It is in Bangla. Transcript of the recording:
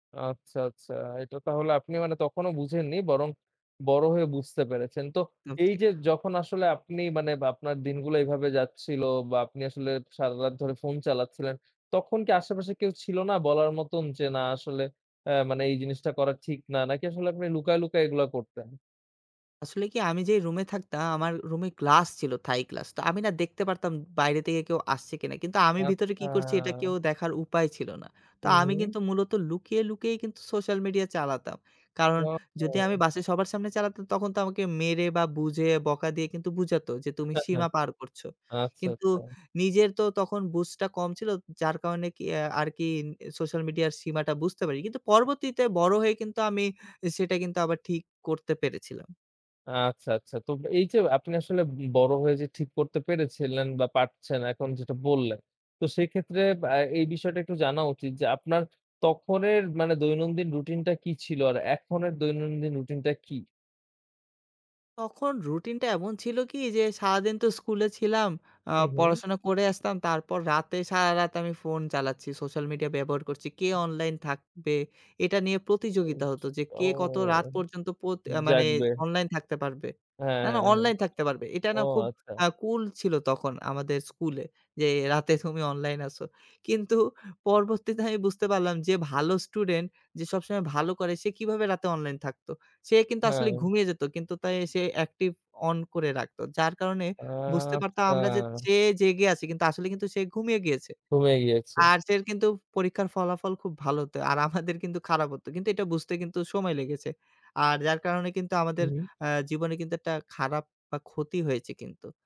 আচ্ছা, আচ্ছা। এটা তাহলে আপনি মানে তখনো বুঝেননি, বরং বড় হয়ে বুঝতে পেরেছেন। তো তাও ঠিক। এইযে যখন আসলে আপনি মানে আপনার দিনগুলা এভাবে যাচ্ছিল, বা আপনি আসলে সারারাত ধরে ফোন চালাচ্ছিলেন, তখন কি আশেপাশে কেউ ছিল না বলার মতন, যে না আসলে আ মানে এই জিনিসটা করা ঠিক না। নাকি আসলে আপনি লুকায়, লুকায়, এগুলা করতেন? আসলে কি? আমি যেই রুমে থাকতাম, আমার রুমে গ্লাস ছিল থাই গ্লাস। তো আমি না দেখতে পারতাম বাইরে থেকে কেউ আসছে কিনা। কিন্তু আমি ভিতরে কি আচ্ছা। করছি, এটা কেউ দেখার উপায় ছিল না। তো হুম, আমি হুম। কিন্তু মূলত লুকিয়ে, লুকিয়েই কিন্তু সোশ্যাল মিডিয়া চালাতাম। কারণ ওয়া যদি আমি ও। বাসে সবার সামনে চালাতাম, তখন তো আমাকে মেরে, বা বুঝে বকা দিয়ে কিন্তু বুঝাত যে, "তুমি সীমা পার করছ।" আচ্ছা, কিন্তু আচ্ছা। নিজের তো তখন বুঝটা কম ছিল, যার কারণে কি আ আরকি সোশ্যাল মিডিয়ার সীমাটা বুঝতে পারি। কিন্তু পরবর্তীতে বড় হয়ে কিন্তু আমি সেটা কিন্তু আবার ঠিক করতে পেরেছিলাম। আচ্ছা, আচ্ছা। তো এইযে আপনি আসলে বি বড় হয়ে যে ঠিক করতে পেরেছিলেন, বা পারছেন এখন যেটা বললেন। তো সেক্ষেত্রে বা এই বিষয়টা একটু জানা উচিত, যে আপনার তখনের মানে দৈনন্দিন রুটিনটা কি ছিল? আর এখন এর দৈনন্দিন রুটিনটা কি? তখন রুটিনটা এমন ছিল কি? যে সারাদিন তো স্কুলে ছিলাম, আ হু, হু। পড়াশোনা করে আসতাম, তারপর রাতে সারারাত আমি ফোন চালাচ্ছি। সোশ্যাল মিডিয়া ব্যবহার করছি। কে অনলাইন থাকবে এটা নিয়ে প্রতিযোগিতা অউচ হত, যে কে ও কত রাত পর্যন্ত পত আ মানে জাগবে। অনলাইন থাকতে পারবে হ্যাঁ, না, হ্যাঁ, না হ্যাঁ। অনলাইন থাকতে পারবে। এটা ও না খুব আচ্ছা। আ কুল ছিল, তখন আমাদের স্কুলে যে রাতে তুমি অনলাইন আসো। কিন্তু পরবর্তীতে আমি বুঝতে পারলাম, যে ভালো স্টুডেন্ট যে সবসময় ভালো করে, সে কিভাবে রাতে অনলাইন থাকতো। সে কিন্তু আসলে হ্যাঁ। ঘুমিয়ে যেত। কিন্তু তাই সে অ্যাকটিভ অন করে রাখত। যার কারণে বুঝতে পারতাম, আমরা যে আচ্ছা। চেয়ে জেগে আছি কিন্তু আসলে কিন্তু সে ঘুমিয়ে গিয়েছে। ঘুমিয়ে গিয়েছে। আর সের কিন্তু পরীক্ষার ফলাফল খুব ভালো হত। আর আমাদের কিন্তু খারাপ হত। কিন্তু এটা কিন্তু বুঝতে সময় লেগেছে। আর যার কারণে কিন্তু আমাদের হু। আ জীবনে কিন্তু একটা খারাপ বা ক্ষতি হয়েছে কিন্তু।